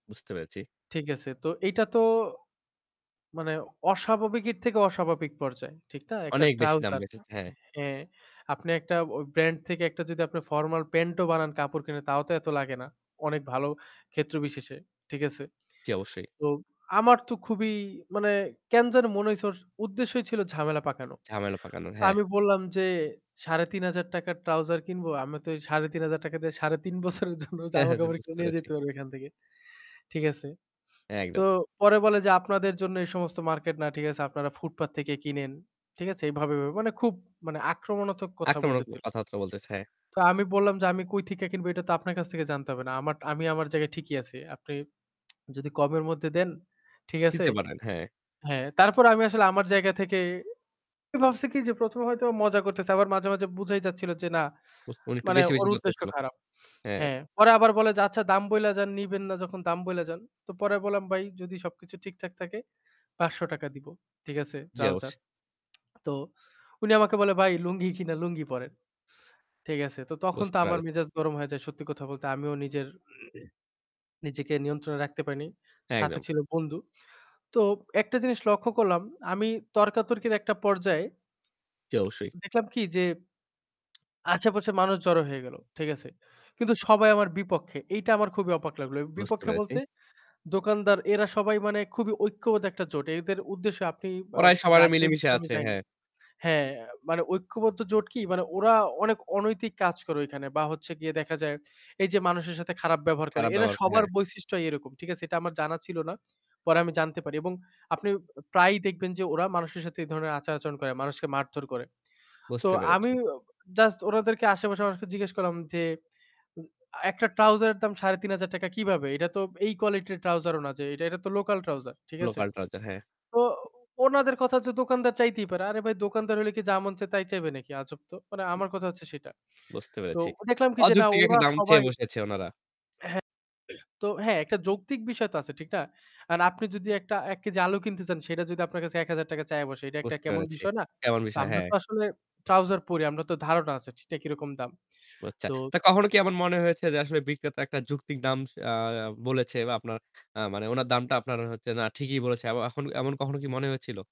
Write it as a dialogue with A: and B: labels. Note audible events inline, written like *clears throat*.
A: বুঝতে পেরেছি।
B: ঠিক আছে। তো এইটা তো মানে অস্বাভাবিকের থেকে অস্বাভাবিক পর্যায়। ঠিক না? একটা
A: অনেক বেশি দাম
B: trouser
A: বেঁচেছে। হ্যাঁ।
B: হ্যাঁ আপনি একটা ওই ব্র্যান্ড থেকে একটা যদি আপনি ফরমাল প্যান্টও বানান কাপড় কিনে তাও তো এত লাগে না। অনেক ভালো ক্ষেত্র বিশেষে। ঠিক আছে।
A: জী, অবশ্যই।
B: তো আমার তো খুবই মানে কেন যেনো মনে হইছে ওর উদ্দেশ্যই ছিল ঝামেলা পাকানো।
A: ঝামেলা পাকানোর, হ্যাঁ।
B: আমি বললাম যে "৳৩,৫০০ trouser কিনবো, আমি তো এই ৳৩,৫০০ দিয়ে ৩ ১/২ বছরের জন্য
A: হ্যাঁ, হ্যাঁ। যা
B: জামাকাপড়
A: বুঝতে
B: কিনে নিয়ে
A: পেরেছি।
B: যেতে পারবো এখান থেকে।" ঠিক আছে? তো
A: একদম।
B: পরে বলে যে "আপনাদের জন্য এই সমস্ত মার্কেট না। ঠিক আছে? আপনারা ফুটপাত থেকে কিনেন।" ঠিক আছে? এইভাবে, ভাবে মানে খুব আক্রমণাত্মক কথা
A: আক্রমণাত্মক
B: বলতেছিল।
A: কথাবার্তা বলতেছে। হ্যাঁ।
B: তো আমি বললাম যে "আমি কই থিকা কিনবো এটা তো আপনার কাছ থেকে জানতে হবে না। আমি আমার জায়গায় ঠিকই আছি। আপনি *tsk* যদি কমের মধ্যে দেন" ঠিক আছে?
A: দিতে পারেন, হ্যাঁ।
B: হ্যাঁ, তারপর আমি আসলে আমার জায়গা থেকে আমি ভাবছি কি যে ১ম এ হয়তো মজা করতেছে আবার মাঝে, মাঝে বুঝাই যাচ্ছিল যে না
A: বুঝ উনি একটু
B: মানে
A: বেশি,
B: ওর
A: বেশি
B: উদ্দেশ্য
A: করতেছিল।
B: খারাপ।
A: হ্যাঁ।
B: হ্যাঁ, পরে আবার বলে যে, "আচ্ছা দাম বইলা যান, নিবেন না যখন দাম বইলা যান।" তো পরে বললাম "ভাই যদি সবকিছু ঠিকঠাক থাকে ৳৫০০ দিব।" ঠিক আছে
A: জি, অবশ্য
B: trouser। *tsk* তো উনি আমাকে বলে "ভাই লুঙ্গি কিনা লুঙ্গি পরেন।" ঠিক আছে। তো তখন তো
A: বুঝতে
B: আমার
A: পেরেছি।
B: মেজাজ গরম হয়ে যায়। সত্যি কথা বলতে আমিও নিজের *clears throat* নিজেকে নিয়ন্ত্রণে রাখতে পারিনি। সাথে
A: একদম।
B: ছিল বন্ধু। তো একটা জিনিস লক্ষ্য করলাম আমি তর্কাতর্কির একটা পর্যায়ে
A: জি, অবশ্যই।
B: দেখলাম কি যে আশেপাশে মানুষ জড়ো হয়ে গেল। ঠিক আছে? কিন্তু সবাই আমার বিপক্ষে। এইটা আমার খুবই অবাক লাগল। এ
A: বুঝতে
B: বিপক্ষে
A: পেরেছি।
B: বলতে দোকানদার এরা সবাই মানে খুবই ঐক্যবদ্ধ একটা জোট। এদের উদ্দেশ্যে আপনি বা
A: ওরাই সবার
B: জানবেন
A: মিলেমিশে
B: কিনা আমি
A: আছে,
B: জানি না।
A: হ্যাঁ।
B: হ্যাঁ, মানে ঐক্যবদ্ধ জোট কি? মানে ওরা অনেক অনৈতিক কাজ করে ওইখানে বা হচ্ছে গিয়ে দেখা যায় এই যে মানুষের সাথে খারাপ ব্যবহার করে।
A: খারাপ
B: এরা
A: ব্যবহার ক
B: সবার
A: হ্যাঁ।
B: বৈশিষ্ট্যই এরকম। ঠিক আছে? এটা আমার জানা ছিল না। পরে আমি জানতে পারি এবং আপনি প্রায়ই দেখবেন যে ওরা মানুষের সাথে এই ধরনের আচার-আচরণ করে, মানুষকে মারধর করে। তো
A: বুঝতে
B: আমি
A: পেরেছি।
B: অ জাস্ট ওনাদেরকে আশেপাশের মানুষকে জিজ্ঞেস করলাম যে উ আ "একটা trouser এর দাম ৳৩৫০০ কিভাবে? এটা তো এই কোয়ালিটির trouser ও না যে এটা তো local trouser।" ঠিক আছে?
A: Local trouser। হ্যাঁ।
B: তো ওনাদের কথা হচ্ছে তো "দোকানদার চাইতেই পারে।" "আরে ভাই দোকানদার হলে কি যা মন চাই তাই চাইবে নাকি? আজব তো!" মানে আমার কথা হচ্ছে সেটা।
A: বুঝতে
B: তো
A: পেরেছি।
B: দেখলাম কি যে না
A: অযৌক্তিক একটা
B: ওরা
A: দাম
B: সবাই
A: চেয়ে বসেছে ওনারা।
B: হ্যাঁ, *clears throat* তো হ্যাঁ একটা যৌক্তিক বিষয় তো আছে, ঠিক না? এখন আপনি যদি একটা ১ কেজি আলু কিনতে চান সেটা যদি আপনার কাছে ৳১,০০০ চেয়ে বসে, এটা একটা
A: বুঝতে
B: কেমন একটা
A: পেরেছি।
B: বিষয় না?
A: কেমন
B: তো
A: বিষয়,
B: আমরা
A: হ্যাঁ।
B: তো আসলে trouser পড়ি আমারা তো ধারণা আছে ঠিকটা কিরকম দাম।
A: ও, আচ্ছা।
B: তো
A: তা কখনো কি এমন মনে হয়েছে যে আসলে বিক্রেতা একটা যৌক্তিক দাম আ আ বলেছে বা আপনার আ মানে উনার দামটা আপনার হচ্ছে না, ঠিকই বলেছে। এখন, এমন কখনো কি মনে হয়েছিল?